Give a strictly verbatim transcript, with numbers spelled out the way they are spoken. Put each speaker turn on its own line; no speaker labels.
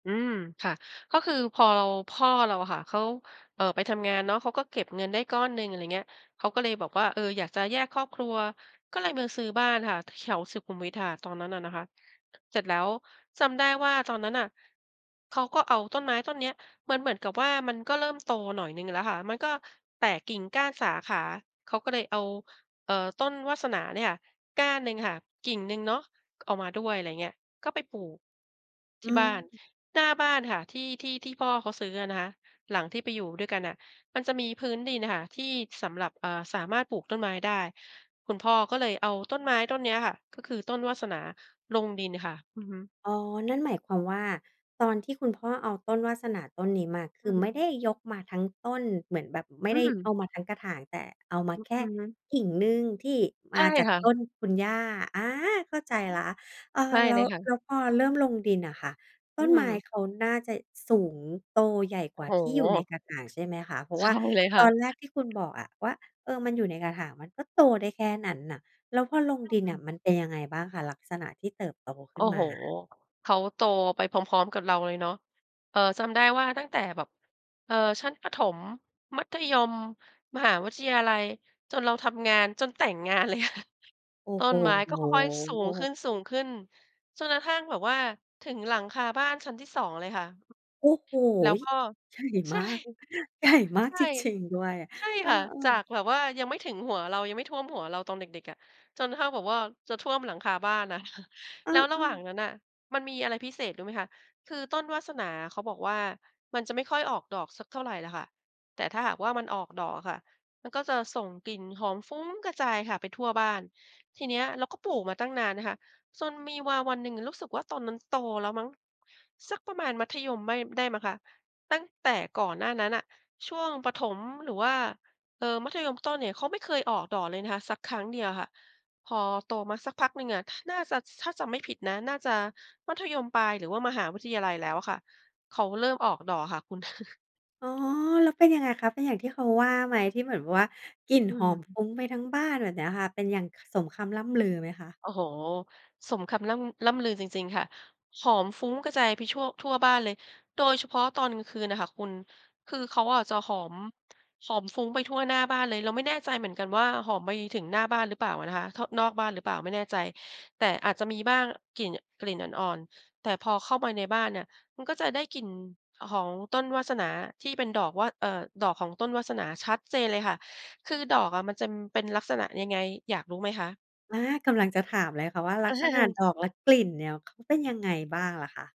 อืม ค่ะ ก็คือพอเรา พ่อเราอะค่ะ เขา เอ่อ ไปทำงานเนาะ เขาก็เก็บเงินได้ก้อนหนึ่ง อะไรเงี้ย เขาก็เลยบอกว่า "เออ อยากจะแยกครอบครัว" ก็เลยมาซื้อบ้านค่ะ ถ แถวสุขุมวิทค่ะ ตอนนั้นอะนะคะ เสร็จแล้วจำได้ว่า ตอนนั้นน่ะ เขาก็เอาต้นไม้ต้นเนี้ย มันเหมือนกับว่า มันก็เริ่มโตหน่อยหนึ่งแล้วค่ะ มันก็แตกกิ่งก้านสาขา เขาก็เลยเอา เอ่อ ต้นวาสนาเนี่ยค่ะ ก้านหนึ่งค่ะ กิ่งหนึ่งเนาะ เอามาด้วย ไรเงี้ย ก็ไปปลูก
อ
ท
ื
ี่บ้าน
ม
หน้าบ้านค่ะ ที่ ที่ ที่พ่อเขาซื้ออะนะคะ หลังที่ไปอยู่ด้วยกันน่ะ มันจะมีพื้นดินน่ะค่ะ ที่สำหรับ อ่า สามารถปลูกต้นไม้ได้ คุณพ่อก็เลยเอาต้นไม้ต้นนี้อะค่ะ ก็คือต้นวาสนาลงดินค่ะ อือฮึ
อ๋อ นั่นหมายความว่า ตอนที่คุณพ่อเอาต้นวาสนาต้นนี้มา ค
อ
ื
ื
อ
อฮ
ไม่ไ
ึ
ด้ยกมาทั้งต้น เหมือนแบบไม่
อื
ได้
อ
เอามาทั้งกระถาง แต่เอามา
อื
แ
อ
ค
ฮ
่
ึ
กิ่งหนึ่ง ที่ม
ใช
า
่
จาก
ค่
ต
ะ
้นคุณย่า อา เข้าใจ
อื
แ
อ
ล้ว เอ
ใช
อ
่
แล
เ
้
ล
ว
ยค่
แ
ะ
ล้วพอเริ่มลงดินอะค่ะ ต
อื
้นไม้
ม
เขาน่เจะ สูงโตใหญ่
โ
ก
อ
ว
้
่า
โ
ที่อ
ฮ
ยู่ในกระถางใช่ไหมคะ? เพราะ
ใช
ว่
่
า
เลยค
ต
่ะ
อนแรกที่คุณบอกอะว่า "เออ มันอยู่ในกระถางมันก็โตได้แค่นั้นน่ะ" แล้วพอลง
ใช
ด
่
ิน
ค
น
่
่ะ
ะ
มันเป็นยังไงบ้างคะ ลักษณะที่เติบโตข
โ
ึ
อ้
้น
โ
ม
ฮ
า?
เขาโตไปพร้อม ๆ กับเราเลยเนาะ เอ่อ จำได้ว่าตั้งแต่แบบ เอ่อ ชั้นประถม มัธยม มหาวิทยาลัย จนเราทำงาน จนแต่งงาน เลยอะค่ะ
โอ้
ต้
โ
นไม้ก็ค่อย ๆ สูงข
ฮ
ึ้น ๆ จนกระทั่งแบบว่าถึงหลังคาบ้านชั้นที่ สอง เลยค่ะ
โอ้โฮ!
แล้วก็
ใหญ่
ใช
ม
่
าก ใหญ่มา
ใ
ก
ช่
จริง ๆ ด้วย
ใช่
เออ
ค่ะ จา
ๆ
กแบบว่ายังไม่ถึงหัวเรา ยังไม่ท่วมหัวเราตอนเด็ก ๆ อะ จนเท่าแบบว่า จะท่วมหลังคาบ้านอะ ค่ะ
เอ
แล้วระหว่า
อ
ง
ๆ
นั้นน่ะ มันมีอะไรพิเศษรู้ไหมคะ? คือต้นวาสนาเขาบอกว่า มันจะไม่ค่อยออกดอกสักเท่าไรล่ะค่ะ แต่ถ้าหากว่า มันออกดอกอะค่ะ มันก็จะส่งกลิ่นหอมฟุ้งกระจายค่ะ ไปทั่วบ้าน ทีเนี้ย เราก็ปลูกมาตั้งนานนะคะ จนมีวาวันหนึ่งอะ รู้สึกว่า ตอนนั้นโตแล้วมั้ง สักประมาณมัธยมไม่ ได้มั้งคะ ตั้งแต่ก่อนหน้านั้นน่ะ ช่วงประถม หรือว่า เอ่อ มัธยมต้นเนี่ย เขาไม่เคยออกดอกเลยนะคะ สักครั้งเดียวค่ะ พอโตมาสักพักหนึ่งอะ น่าจะ ซ ถ้าจำไม่ผิดนะ น่าจะมัธยมปลาย หรือว่ามหาวิทยาลัยแล้วอะค่ะ เขาเริ่มออกดอกอะค่ะคุณ
อ๋อ แล้วเป็นยังไงคะ เป็นอย่างที่เขาว่าไหม ที่เหมือน อ ว่า กลิ่น
อื
ห
อ
อ
ฮ
ม
ึ
ฟุ้งไปทั้งบ้านแบบเนี้ยค่ะ เป็นอย่าง ค สมคำร่ำลือไหมคะ?
โอ้โฮ สมคำร่ำ ร่ำลือจริง ๆ ค่ะ หอมฟุ้งกระจายไปชั่ว ทั่วบ้านเลย โดยเฉพาะตอนกลางคืนน่ะค่ะคุณ คือเขาอะจะหอม หอมฟุ้งไปทั่วหน้าบ้านเลย เราไม่แน่ใจเหมือนกันว่า หอมไปถึงหน้าบ้านหรือเปล่าอะนะคะ เข้า นอกบ้านหรือเปล่าไม่แน่ใจ แต่อาจจะมีบ้าง กลิ่น กลิ่นอ่อน ๆ แต่พอเข้ามาในบ้านเนี่ย มันก็จะได้กลิ่น อ หองต้นวาสนาที่เป็นดอกว่า เอ่อ ดอกของต้นวาสนาชัดเจนเลยค่ะ คือดอกอะมันจำเป็นลักษณะยังไงอยากรู้ไหมคะ?
อา กำลังจะถามเลยค่ะว่า ลักษณะดอกและกลิ่นเนี่ย เขาเป็นยังไงบ
ด
้
อก
างล่ะคะ?